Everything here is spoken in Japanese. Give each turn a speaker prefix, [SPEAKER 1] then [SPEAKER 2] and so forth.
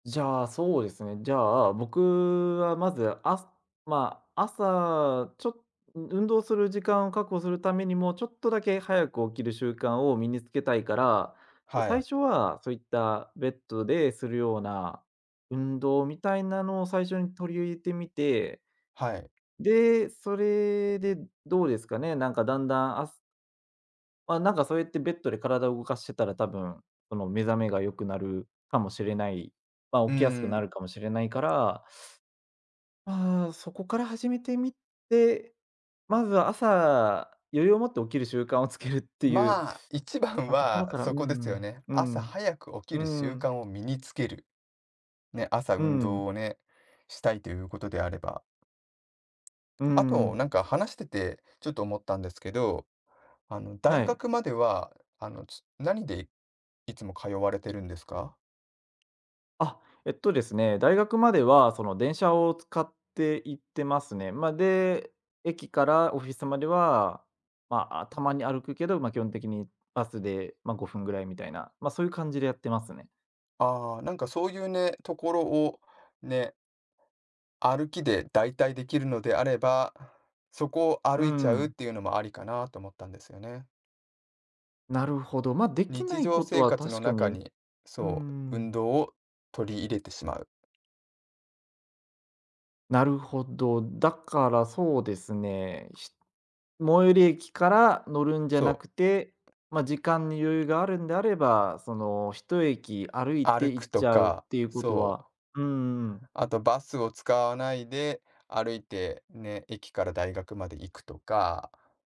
[SPEAKER 1] じゃあ、そうですね、じゃあ、僕はまず、あまあ朝、ちょう運動する時間を確保するためにも、ちょっとだけ早く起きる習慣を身につけたいから、じゃ、
[SPEAKER 2] は
[SPEAKER 1] 最
[SPEAKER 2] い。
[SPEAKER 1] 初はそういった、ベッドでするような、運動みたいなのを最初に取り入れてみて。
[SPEAKER 2] はい。
[SPEAKER 1] で、それでどうですかね、なんかだんだんあすま、なんかそうやってベッドで体を動かしてたら、多分、その目覚めが良くなるかもしれないま、
[SPEAKER 2] うー
[SPEAKER 1] 起きやすくな
[SPEAKER 2] ん。
[SPEAKER 1] るかもしれないから。ああ、そこから始めてみて、まずは朝余裕を持って起きる習慣をつけるっていう、
[SPEAKER 2] まあ、一番
[SPEAKER 1] あ、ところ
[SPEAKER 2] は
[SPEAKER 1] から、う
[SPEAKER 2] そこです
[SPEAKER 1] ん
[SPEAKER 2] よね。
[SPEAKER 1] うん、う
[SPEAKER 2] 朝
[SPEAKER 1] ん、
[SPEAKER 2] 早く起
[SPEAKER 1] う
[SPEAKER 2] きる
[SPEAKER 1] ー
[SPEAKER 2] 習
[SPEAKER 1] ん。
[SPEAKER 2] 慣を身につける。ね、朝
[SPEAKER 1] う
[SPEAKER 2] 運
[SPEAKER 1] んうん。
[SPEAKER 2] 動をね、したいということであれば。
[SPEAKER 1] うー
[SPEAKER 2] あと、
[SPEAKER 1] ん。
[SPEAKER 2] なんか話してて、ちょっと思ったんですけど。あの
[SPEAKER 1] は
[SPEAKER 2] 大
[SPEAKER 1] い。
[SPEAKER 2] 学までは、あの、つ何でいつも通われてるんですか？
[SPEAKER 1] あ、えっとですね、大学まではその電車を使って行ってますね。ま、で、駅からオフィスまでは、まあ、たまに歩くけど、ま、基本的にバスで、ま、５分ぐらいみたいな、まそういう感じでやってますね。
[SPEAKER 2] ああなんかそういうね、ところをね歩きで代替出来るのであれば、そこを
[SPEAKER 1] う
[SPEAKER 2] 歩いちゃうっ
[SPEAKER 1] ん。
[SPEAKER 2] ていうのもありかなと思ったんですよね。
[SPEAKER 1] なるほど。ま、出来
[SPEAKER 2] 日
[SPEAKER 1] ない
[SPEAKER 2] 常
[SPEAKER 1] こと
[SPEAKER 2] 生
[SPEAKER 1] は
[SPEAKER 2] 活の
[SPEAKER 1] 確か
[SPEAKER 2] 中
[SPEAKER 1] に
[SPEAKER 2] に、
[SPEAKER 1] うんう
[SPEAKER 2] そう、
[SPEAKER 1] んう
[SPEAKER 2] 運
[SPEAKER 1] ん。
[SPEAKER 2] 動を取り入れてしまう。
[SPEAKER 1] なるほど。だからそうですね、し最寄り駅から乗るんじゃな
[SPEAKER 2] そ
[SPEAKER 1] くて、
[SPEAKER 2] う。
[SPEAKER 1] ま、時間に余裕があるんであれば、その一駅歩いて
[SPEAKER 2] 歩
[SPEAKER 1] 行
[SPEAKER 2] く
[SPEAKER 1] っ
[SPEAKER 2] と
[SPEAKER 1] ちゃうっ
[SPEAKER 2] か、
[SPEAKER 1] ていうこと
[SPEAKER 2] そう。
[SPEAKER 1] はうんうんうん。
[SPEAKER 2] あとバスを使わないで、歩いて、ね、駅から大学まで行くとか。